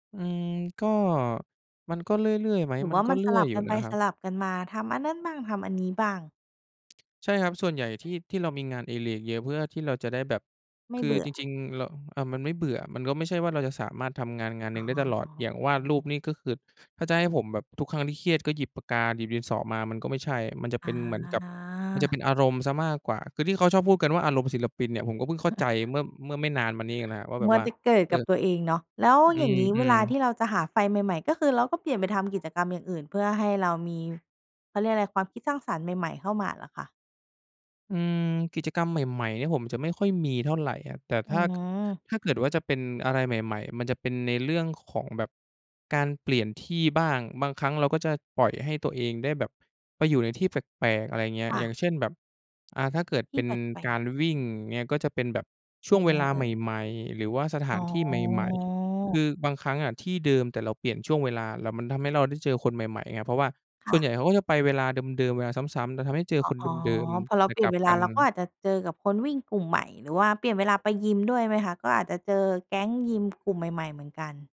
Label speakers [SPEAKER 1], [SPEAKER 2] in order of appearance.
[SPEAKER 1] อืม ก็ มันก็เรื่อย ๆ ไหม
[SPEAKER 2] หรือ
[SPEAKER 1] มั
[SPEAKER 2] ว
[SPEAKER 1] น
[SPEAKER 2] ่า
[SPEAKER 1] ก็
[SPEAKER 2] มัน
[SPEAKER 1] เรื
[SPEAKER 2] ส
[SPEAKER 1] ่อ
[SPEAKER 2] ล
[SPEAKER 1] ย
[SPEAKER 2] ับ
[SPEAKER 1] อยู
[SPEAKER 2] ก
[SPEAKER 1] ่
[SPEAKER 2] ันไ
[SPEAKER 1] น
[SPEAKER 2] ป
[SPEAKER 1] ะครั
[SPEAKER 2] ส
[SPEAKER 1] บ
[SPEAKER 2] ลับกันมา ทำอันนั่นบ้าง ทำอันนี้บ้าง
[SPEAKER 1] ใช่ครับ ส่วนใหญ่ที่ ที่เรามีงานอดิเรกเยอะเพื่อที่เราจะได้แบบ
[SPEAKER 2] ไม่
[SPEAKER 1] คื
[SPEAKER 2] เบ
[SPEAKER 1] อ
[SPEAKER 2] ื่
[SPEAKER 1] จ
[SPEAKER 2] อ
[SPEAKER 1] ริง ๆ เรา อ่า มันไม่เบื่อ มันก็ไม่ใช่ว่าเราจะสามารถทำงาน งานหน
[SPEAKER 2] อ
[SPEAKER 1] ึ
[SPEAKER 2] ๋
[SPEAKER 1] ่งได้ตลอด อย่างวาดร
[SPEAKER 2] อ
[SPEAKER 1] ูปนี่ก็คือ ถ้าจะให้ผมแบบทุกครั้งที่เครียดก็หยิบปากกา หยิบดินสอมามันก็ไม่ใช่ มันจะเ
[SPEAKER 2] อ
[SPEAKER 1] ป็นเหมือนกับ มันจะเ
[SPEAKER 2] า
[SPEAKER 1] ป็นอารมณ์เสียมากกว่า คือที่เขาชอบพูดกันว่า อารมณ์ศิลปินเนี่ยผมก็เพิ่งเข้าใจเมื่อ เมื่อไม่นานมานี้เองนะครับว่า แ
[SPEAKER 2] ม
[SPEAKER 1] บ
[SPEAKER 2] ั
[SPEAKER 1] บ
[SPEAKER 2] ว
[SPEAKER 1] ว่า
[SPEAKER 2] แต่เกิด
[SPEAKER 1] เอ
[SPEAKER 2] กับ
[SPEAKER 1] อ
[SPEAKER 2] ตัวเองเนาะ แล้ว
[SPEAKER 1] อื
[SPEAKER 2] อย่างนี้เว
[SPEAKER 1] อ
[SPEAKER 2] ลา
[SPEAKER 1] ๆ
[SPEAKER 2] ที่เราจะหาไฟใหม่ ๆ ก็คือเราก็เปลี่ยนไปทำกิจกรรมอย่างอื่นเพื่อให้เรามี เขาเรียกอะไร ความคิดสร้างสรรค์ใหม่ ๆ เข้ามาเหรอคะ?
[SPEAKER 1] อืม กิจกรรมใหม่ ๆ เนี่ยผมจะไม่ค่อยมีเท่าไรอะ แต่
[SPEAKER 2] อ
[SPEAKER 1] ถ
[SPEAKER 2] ื
[SPEAKER 1] ้า
[SPEAKER 2] อ
[SPEAKER 1] ถ้าเกิดว่าจะเป็นอะไรใหม่ ๆ มันจะเป็นในเรื่องของแบบการเปลี่ยนที่บ้าง บางครั้งเราก็จะปล่อยให้ตัวเองได้แบบไปอยู่ในที่แปลก ๆ อะไรเงี้ย
[SPEAKER 2] ค่
[SPEAKER 1] อย่า
[SPEAKER 2] ะ
[SPEAKER 1] งเช่น แบบ อ่า ถ้าเกิด
[SPEAKER 2] ท
[SPEAKER 1] เ
[SPEAKER 2] ี
[SPEAKER 1] ป็
[SPEAKER 2] ่
[SPEAKER 1] น
[SPEAKER 2] แปล
[SPEAKER 1] กา
[SPEAKER 2] ก
[SPEAKER 1] รวิ่ง
[SPEAKER 2] ๆ
[SPEAKER 1] อย่างเงี้ย ก็จะเป็นแบบช่
[SPEAKER 2] ย
[SPEAKER 1] ว
[SPEAKER 2] ั
[SPEAKER 1] ง
[SPEAKER 2] ง
[SPEAKER 1] เว
[SPEAKER 2] ไง
[SPEAKER 1] ลา
[SPEAKER 2] เอ
[SPEAKER 1] ใ
[SPEAKER 2] ่ย?
[SPEAKER 1] หม่ ๆ หรือว่าสถ
[SPEAKER 2] อ
[SPEAKER 1] า
[SPEAKER 2] ๋
[SPEAKER 1] นที่ใหม่ ๆ ค
[SPEAKER 2] อ
[SPEAKER 1] ือบางครั้งอะที่เดิม แต่เราเปลี่ยนช่วงเวลา แล้วมันทำให้เราได้เจอคนใหม่ ๆ ไง เพราะว่า
[SPEAKER 2] ค
[SPEAKER 1] ส
[SPEAKER 2] ่
[SPEAKER 1] ่วน
[SPEAKER 2] ะ
[SPEAKER 1] ใหญ่เขาก็จะไปเวลาเดิม ๆ เวลาซ้ำ ๆ จะทำให้เจอ
[SPEAKER 2] อ๋อ
[SPEAKER 1] คน
[SPEAKER 2] อ๋อ
[SPEAKER 1] เดิม
[SPEAKER 2] พอเ
[SPEAKER 1] ๆ
[SPEAKER 2] รา
[SPEAKER 1] แต่
[SPEAKER 2] เปลี
[SPEAKER 1] ก
[SPEAKER 2] ่
[SPEAKER 1] ล
[SPEAKER 2] ยน
[SPEAKER 1] ับ
[SPEAKER 2] เวล
[SPEAKER 1] กั
[SPEAKER 2] า
[SPEAKER 1] น
[SPEAKER 2] เราก็อาจจะเจอกับคนวิ่งกลุ่มใหม่ หรือว่าเปลี่ยนเวลาไปยิมด้วยไหมคะ? ก็อาจจะเจอแก๊งยิมกลุ่มใหม่ ๆ เหมือนกัน